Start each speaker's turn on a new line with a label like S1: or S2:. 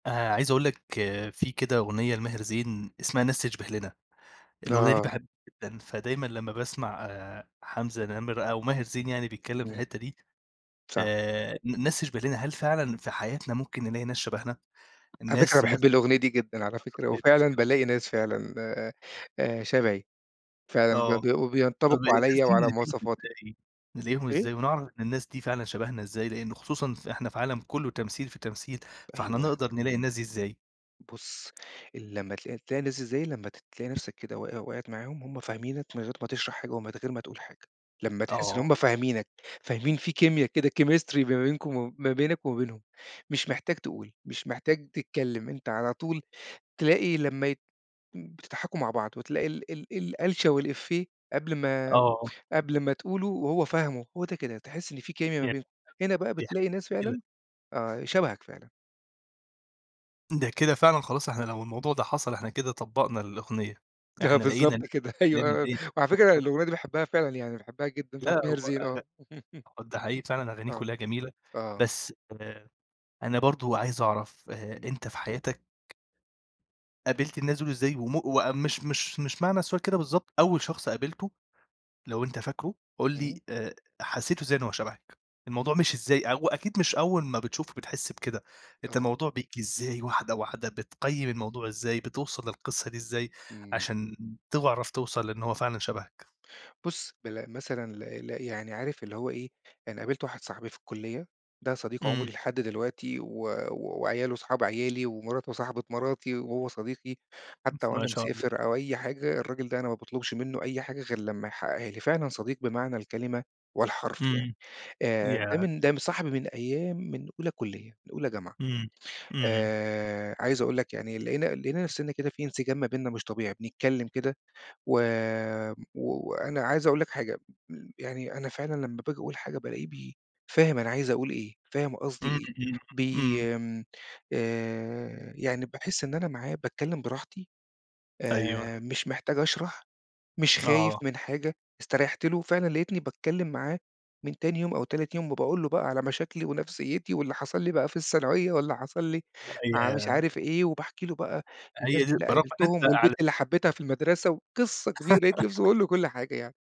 S1: آآ، عايز أقول لك في كده أغنية لماهر زين اسمها "ناس تشْبِه لنا" الأغنية دي
S2: آه.
S1: باحبها جدًا، فدايمًا لمّا باسمع آآ، حمزة نَمِرة أو ماهر زين
S2: [unintelligible]
S1: يعني بيتكلّم في
S2: إمم.
S1: الحِتّة دي،
S2: صح.
S1: آآ ن ناس تشْبِه لنا، هل فعلًا في حياتنا ممكن نلاقي ناس شبهنا،
S2: على فكرة أنا
S1: ناس نفْس
S2: باحب الأغنية دي جدًا على فكرة،
S1: طريقة
S2: وفعلًا
S1: تفكيرنا؟
S2: بالاقي ناس فعلًا، آآ، آآ شبهي فعلًا بي
S1: آه.
S2: وبي
S1: طَب
S2: وبينطَبِقوا
S1: الناس
S2: عليَّ
S1: دي
S2: وعلى
S1: نلاقيهم
S2: مواصفاتي.
S1: إزاي نلاقيهم إزاي
S2: إيه؟
S1: ونعرَف إن الناس دي فعلًا شبهنا إزاي؟ لأنه خصوصًا ف إحنا في عالم كلّه تمثيل في تمثيل، فإحنا
S2: أيوه.
S1: نقدَر نلاقي الناس دي إزاي؟
S2: بُصّ، لمّا تل تلاقي الناس اللي زي دي، لمّا تلاقي نفْسك كده وقِع وقَعت معاهم، هُم فاهمينك من غير ما تشرَح حاجة ومن غير ما تقول حاجة. لما تحس إن هُم
S1: آه.
S2: فاهمينك، فاهمين في كيميا كده chemistry ما بينكم و ما بينك وما بينهم مش محتاج تقول، مش محتاج تتكلّم، أنت على طول تلاقي لمّا ي بتضحَكوا مع بعض وتلاقي ال ال الألشة والإفّيه قبْل ما
S1: آه.
S2: قبْل ما تقوله وهو فاهمه، هو ده كده، تحس إن في كيميا ما بينكم، هنا بقى بتلاقي ناس فعلًا،
S1: [unintelligible]
S2: آه شبَهك فعلًا.
S1: ده كده فعلًا خلاص إحنا لو الموضوع ده حصَل، إحنا كده طبّقنا الأغنية،
S2: آه
S1: إحنا لقينا ال
S2: بالضبط كده،
S1: لقينا
S2: أيوة
S1: الإيه
S2: وعلى فكرة
S1: [unintelligible]
S2: الأغنية دي باحبها فعلًا يعني باحبها جدًا بتاعة
S1: لا
S2: ماهر
S1: هو
S2: زين،
S1: أغ
S2: آه
S1: ده حقيقي فعلًا أغانيه
S2: آه،
S1: كلّها جميلة،
S2: آه.
S1: بس آآ، أنا برضه عايز أعرَف آآ،
S2: إمم.
S1: أنت في حياتك قابِلت الناس دول إزاي وم مش أ مش مش معنى السؤال كده بالضبط، أول شخص قابِلته لو أنت فاكره قُل لي
S2: إمم.
S1: آآ حسّيت إزاي إن هو شبَهك؟ الموضوع مشي إزاي؟ هو أكيد مش أول ما بتشوفه بتحس بكده، أنت
S2: آه.
S1: الموضوع بييجي إزاي؟ واحدة، واحدة، بتقيّم الموضوع إزاي؟ بتوصَل للقِصّة دي إزاي
S2: إمم.
S1: عشان تعرف توصَل لإن هو فعلًا شبهك؟
S2: بُصّ، بل مثلًا ل ل يعني عارف اللي هو إيه، أنا قابلت واحد صاحبي في الكُلّية، ده صديق
S1: إمم.
S2: عمري لحد دلوقتي و وعياله اصحاب عيالي ومراته صاحبة مراتي وهو صديقي، حتى
S1: ما
S2: وأنا
S1: شاء الله.
S2: مسافر أو أي حاجة، الراجل ده أنا ما باطلُبش مِنُّه أي حاجة غير لما يحقّقها لي. فعلًا صديق بمعنى الكلمة والحرف يعني
S1: إمم.
S2: آآ، ده
S1: ياه!
S2: من ده صاحبي من أيام من أولى كُلّية، من أولى جامعة
S1: إمم. إمم.
S2: آآ، عايز أقول لك يعني لقينا لقينا نفْسنا كده في إنسجام ما بيننا مش طبيعي، بنتكلّم كده و و وأنا عايز أقول لك حاجة، م يعني أنا فعلًا لما بآجي أقول حاجة بالاقيه بي فاهم أنا عايز أقول إيه، فاهم قصدي
S1: إمم،
S2: إيه،
S1: إمم،
S2: بي
S1: إمم.
S2: آمم، آآ يعني باحس إن أنا معاه باتكلّم براحتي آآ،
S1: أيوه.
S2: مش محتاج أشرَح، مش خايف
S1: آه.
S2: من حاجة، استريّحت له، فعلًا لقيتني باتكلّم معاه من تاني يوم أو تالت يوم وباقول له بقى على مشاكلي ونفسيّتي واللي حصَل لي بقى في الثانوية واللي حصَل لي
S1: أ
S2: مع مش
S1: ياه!
S2: عارف إيه، وباحكي له بقى
S1: أ
S2: الناس
S1: هي دي،
S2: اللي
S1: برافو إن أنت
S2: قابِلتهم
S1: على
S2: والبنت اللي حبيتها في المدرسة وقِصّة كبيرة، لقيت نفْسي باقول له كلّ حاجة يعني.